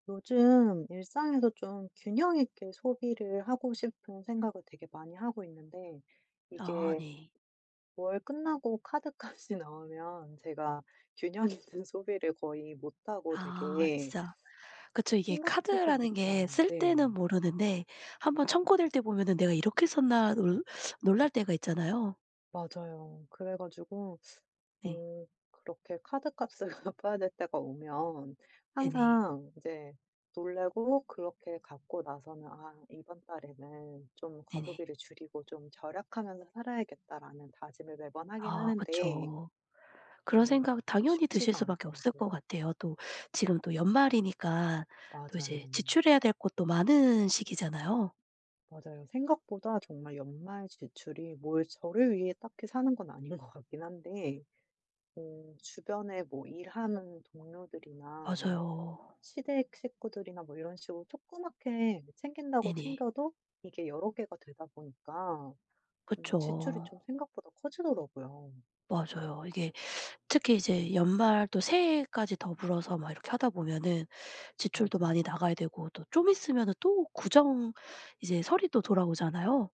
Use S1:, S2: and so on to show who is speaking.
S1: 요즘 일상에서 좀 균형 있게 소비를 하고 싶은 생각을 되게 많이 하고 있는데
S2: 아
S1: 이게
S2: 네.
S1: 월 끝나고 카드값이 나오면 제가 균형 있는 소비를 거의 못하고
S2: 아
S1: 되게
S2: 진짜. 그쵸. 이게
S1: 생각지도
S2: 카드라는 게
S1: 못한
S2: 쓸
S1: 네.
S2: 때는 모르는데 한번 청구될 때 보면은 '내가 이렇게 썼나?' 놀 놀랄 때가 있잖아요.
S1: 맞아요. 그래 가지고
S2: 네.
S1: 어 그렇게 카드값을 갚아야 될 때가 오면
S2: 네네.
S1: 항상 이제 놀래고 그렇게 갚고 나서는 '아 이번 달에는 좀
S2: 네네.
S1: 과소비를 줄이고 좀 절약하면서 살아야겠다.'라는 다짐을 매번 하긴
S2: 아
S1: 하는데
S2: 그쵸. 그런
S1: 어
S2: 생각 당연히 드실
S1: 쉽지가
S2: 수밖에 없을
S1: 않더라고요.
S2: 것 같아요. 또 지금 또 연말이니까 또
S1: 맞아요.
S2: 이제 지출해야 될 것도 많은 시기잖아요.
S1: 맞아요. 생각보다 정말 연말 지출이 뭘 저를 위해 딱히 사는 건 아닌 것 같긴 한데 뭐 주변에 어 일하는 동료들이나 뭐
S2: 맞아요.
S1: 시댁 식구들이나 뭐 이런 식으로 조그맣게 챙긴다고
S2: 네네.
S1: 챙겨도 이게 여러 개가 되다 보니까 음 지출이
S2: 그쵸.
S1: 좀 생각보다 커지더라고요.
S2: 맞아요. 이게 특히 이제 연말 또 새해까지 더불어서 막 이렇게 하다 보면은 지출도 많이
S1: 맞아요.
S2: 나가야 되고 또 좀 있으면 또 구정, 이제 설이 또 돌아오잖아요.